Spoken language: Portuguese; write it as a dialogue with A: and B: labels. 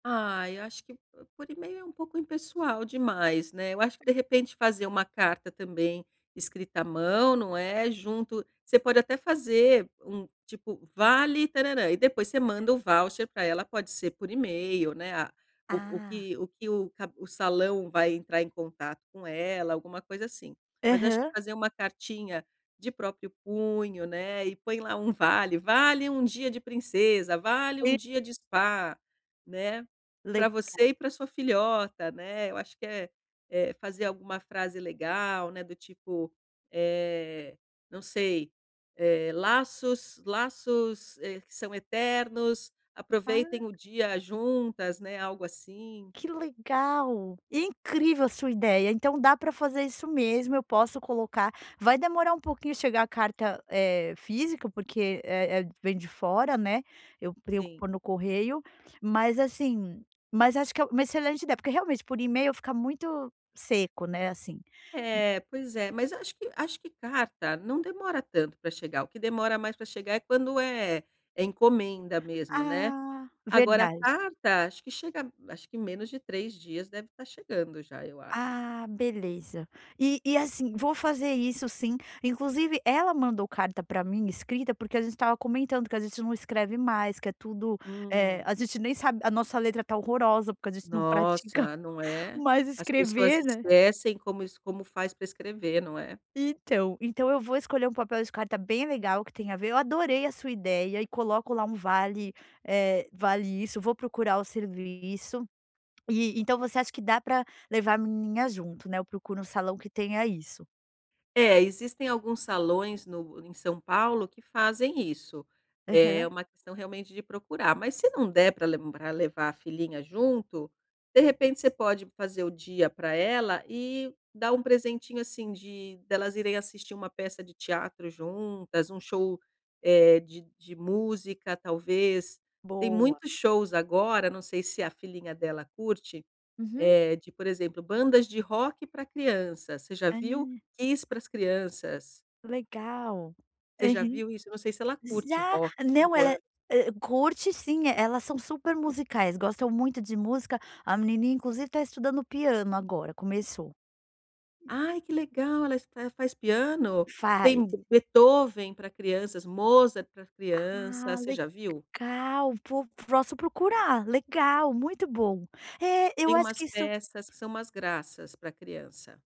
A: Ai, eu acho que p por email é um pouco impessoal demais, né. Eu acho que, de repente, fazer uma carta também escrita à mão, não é, junto você pode até fazer um, tipo: "Vale tarãrã". E depois você manda o voucher pra ela, pode ser, por email, né, a o o
B: Ah.
A: que o que o cab o salão vai entrar em contato com ela, alguma coisa assim. Mas acho que
B: Aham.
A: fazer uma cartinha de próprio punho, né, e põe lá um vale: "Vale um dia de princesa"; "Vale um
B: E
A: dia de spa", né; "Pra
B: Legal.
A: você e pra sua filhota", né. Eu acho que é é fazer alguma frase legal, né, do tipo, eh, não sei, eh: "Laços laços, eh, que são eternos,
B: Ah.
A: aproveitem o dia juntas", né, algo assim.
B: Que legal! Incrível a sua ideia. Então, dá para fazer isso mesmo, eu posso colocar Vai demorar um pouquinho chegar a carta, eh, física, porque é é vem de fora, né, eu
A: Sim.
B: preocupo no correio, mas assim Mas acho que é uma excelente ideia, porque realmente por e-mail, fica muito seco, né, assim. E
A: É, pois é. Mas acho que acho que carta não demora tanto pra chegar, o que demora mais pra chegar é quando é é encomenda mesmo, né.
B: Ah,
A: Agora, a
B: verdade.
A: carta, acho que chega acho que, menos de 3 dias, deve estar chegando já, eu acho.
B: Ah, beleza. E e, assim, vou fazer isso sim, inclusive ela mandou carta pra mim escrita, porque a gente estava comentando que a gente não escreve mais, que é tudo eh,
A: Hum.
B: a gente nem sabe a nossa letra está horrorosa, porque a gente não pratica
A: Nossa, não é?
B: mais
A: As pessoas
B: escrever, né?
A: esquecem como isso como faz pra escrever, não é?
B: Então então, eu vou escolher um papel de carta bem legal que tem a ver. Eu adorei a sua ideia e coloco lá um vale, eh, vale isso. Eu vou procurar o serviço e, então, você acha que dá pra levar a menininha junto, né, eu procuro um salão que tenha isso?
A: É, existem alguns salões no em São Paulo que fazem isso. É
B: Aham.
A: uma questão realmente de procurar, mas se não der pra lembrar levar a filhinha junto, de repente você pode fazer o dia pra ela e dar um presentinho, assim, de delas irem assistir uma peça de teatro juntas, um show, eh, de de música, talvez. Tem
B: Boa.
A: muitos shows agora, não sei se a filhinha dela curte,
B: Uhum.
A: eh, de por exemplo: "Bandas de rock pra crianças". Você já viu?
B: Ah.
A: "Kiss para as crianças".
B: Legal,
A: Você já
B: aham.
A: viu isso? Eu não sei se ela
B: S
A: curte
B: Já.
A: rock,
B: Não,
A: 5
B: ela é
A: anos.
B: eh, curte sim. Elas são super musicais, gostam muito de música, a menininha, inclusive, está estudando piano agora. Começou.
A: Ai, que legal. Ela está ela faz piano?
B: Faz.
A: Tem Be Beethoven pra crianças, Mozart pra criança,
B: Ah,
A: você já viu?
B: legal. Pô, posso procurar. Legal. Muito bom. É, eu
A: Tem
B: acho
A: umas
B: que isso
A: peças que são umas graças pra criança.